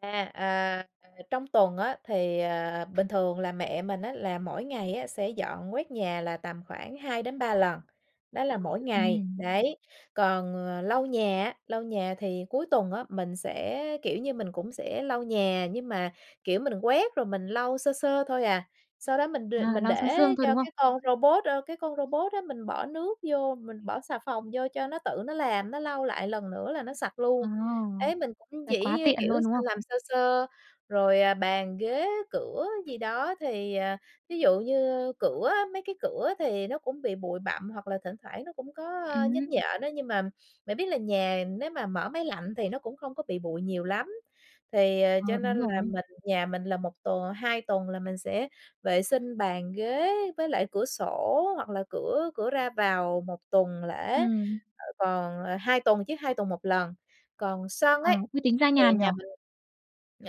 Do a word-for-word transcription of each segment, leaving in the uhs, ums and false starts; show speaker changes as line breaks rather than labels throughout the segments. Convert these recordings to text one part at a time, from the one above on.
À, à, à, trong tuần á thì, ờ, bình thường là mẹ mình á là mỗi ngày á sẽ dọn quét nhà là tầm khoảng hai đến ba lần, đó là mỗi ngày.
Ừm.
Đấy, còn, ờ, lau nhà á, lau nhà thì cuối tuần á, mình sẽ, kiểu như, mình cũng sẽ lau nhà, nhưng mà, kiểu, mình quét rồi mình lau sơ sơ thôi à. Sau đó mình đ
À,
mình
lau sương
để
sương thôi,
cho
đúng không?
cái con robot, ơ, cái con robot á mình bỏ nước vô, mình bỏ xà phòng vô cho nó tự nó làm, nó lau lại lần nữa là nó sạch
Ồ!
luôn. Ế, mình cũng
Vậy quá
chỉ, ơ,
tiện
kiểu,
luôn,
s
đúng không?
làm sơ sơ, rồi, à, bàn, ghế, cửa gì đó thì, à, ví dụ như cửa á, mấy cái cửa thì nó cũng bị bụi bặm, hoặc là thỉnh thoảng nó cũng có, ơ, nhến
Ừm.
nhện á. Nhưng mà bạn biết là nhà nếu mà mở máy lạnh thì nó cũng không có bị bụi nhiều lắm, thì, ờ, cho
Ờ,
nên
đúng
là
rồi.
mình nhà mình là một t hai tuần là mình sẽ vệ sinh bàn ghế với lại cửa sổ, hoặc là cửa cửa ra vào một tuần lễ,
Ừm.
ờ, còn ờ, hai tuần chứ, hai tuần một lần. Còn sân
Ờ,
ấy
thế tính ra
thì
nhàn nhỉ?
nhà mình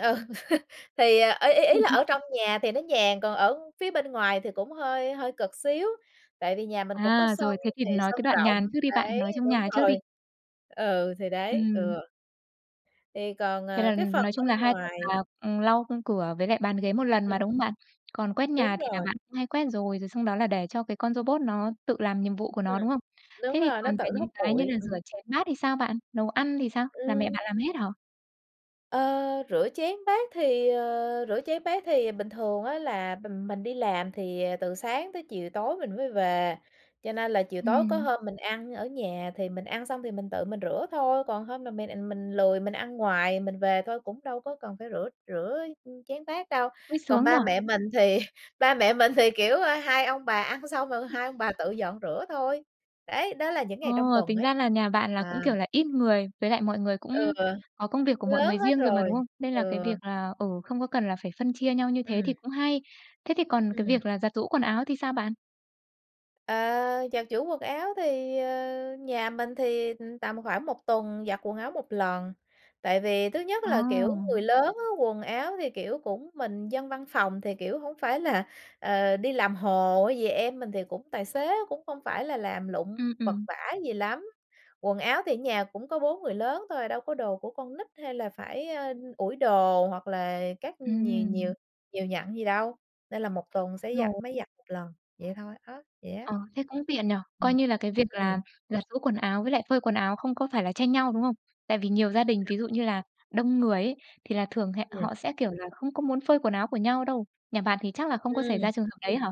ừ, thì, à, ý ý ý là ở trong nhà thì nó nhàn còn ở phía bên ngoài thì cũng hơi hơi cực xíu, tại vì nhà mình cũng có
À,
sân
rồi. Thế thì
thì
nói
sân
cái đoạn
rộng.
nhàn trước đi bạn,
Đấy,
nói trong
đúng
nhà trước đi.
rồi Ừ, thì đấy.
Ừm.
Ừ. Thì còn,
Thế là,
ờ, cái
ừm,
phần
nói chung là
bên
hai tuần
ngoài
là, ừm, lau, ư, cửa với lại bàn ghế một lần
Ừm.
mà, đúng không bạn? Còn quét
Đúng
nhà thì là
rồi.
bạn cũng hay quét rồi, rồi xong đó là để cho cái con robot nó tự làm nhiệm vụ của
Ừm.
nó, đúng không?
Đúng
Thế thì
rồi, nó
còn
tự
về
nó
những
hút
cái như
bụi.
là rửa
Ừm.
chén bát thì sao bạn? Nấu ăn thì sao? Là mẹ
Ừm.
bạn làm hết hả?
Ơ, rửa chén bát thì ờ, rửa chén bát thì bình thường á là mình mình đi làm thì, ờ, từ sáng tới chiều tối mình mới về. Cho nên là chiều tối có
Ừm.
hôm mình ăn ở nhà thì mình ăn xong thì mình tự mình rửa thôi. Còn hôm mà m à, mình lười mình ăn ngoài, mình về thôi cũng đâu có cần phải rửa rửa, ư, chén bát đâu.
Ôi,
Còn
sướng nhỉ?
ba mẹ mình thì ba mẹ mình thì, kiểu, ơ, hai ông bà ăn xong rồi hai ông bà tự dọn rửa thôi. Đấy, đó là những
Ồ,
ngày trong tuần
tính
ấy.
ra là nhà bạn là
À.
cũng, kiểu là, ít người, với lại mọi người
Ừ.
cũng có công việc của mọi
Lớn
người
hết
riêng rồi mà,
rồi.
đúng không? Nên là cái
Ừ.
việc là, ừ, không có cần là phải phân chia nhau như thế thì
Ừm.
cũng hay. Thế thì còn cái
Ừm.
việc là giặt giũ quần áo thì sao bạn?
À, giặt giũ quần áo thì, ờ, nhà mình thì, ừm, tầm khoảng một tuần giặt quần áo một lần. Tại vì thứ nhất là, kiểu,
À!
người lớn á, quần áo thì, kiểu, cũng mình dân văn phòng thì, kiểu, hổng phải là, ờ, đi làm hồ hay gì, em mình thì cũng tài tế cũng không phải là làm lụng
Ừm,
vật
ừm.
vã gì lắm, quần áo thì ở nhà cũng có bốn người lớn thôi, đâu có đồ của con nít hay là phải, a, ủi đồ, hoặc là các nh nhiều
Ừm.
nhiều nhặn gì đâu, nên là một tuần sẽ
[unintelligible]
giặt
rồi.
máy giặt một lần. Vậy thôi á, vậy á.
Ờ, thế cũng tiện nhỉ? Coi
Ừm.
như là cái việc
Ừm.
là giặt giũ quần áo với lại phơi quần áo không có phải là tranh nhau, đúng không? Tại vì nhiều gia đình ví dụ như là đông người ấy, thì là thường hẹ
Ừm.
họ sẽ, kiểu là, không có muốn phơi quần áo của nhau đâu. Nhà bạn thì chắc là không có xảy
Ừm.
ra trường hợp đấy hả?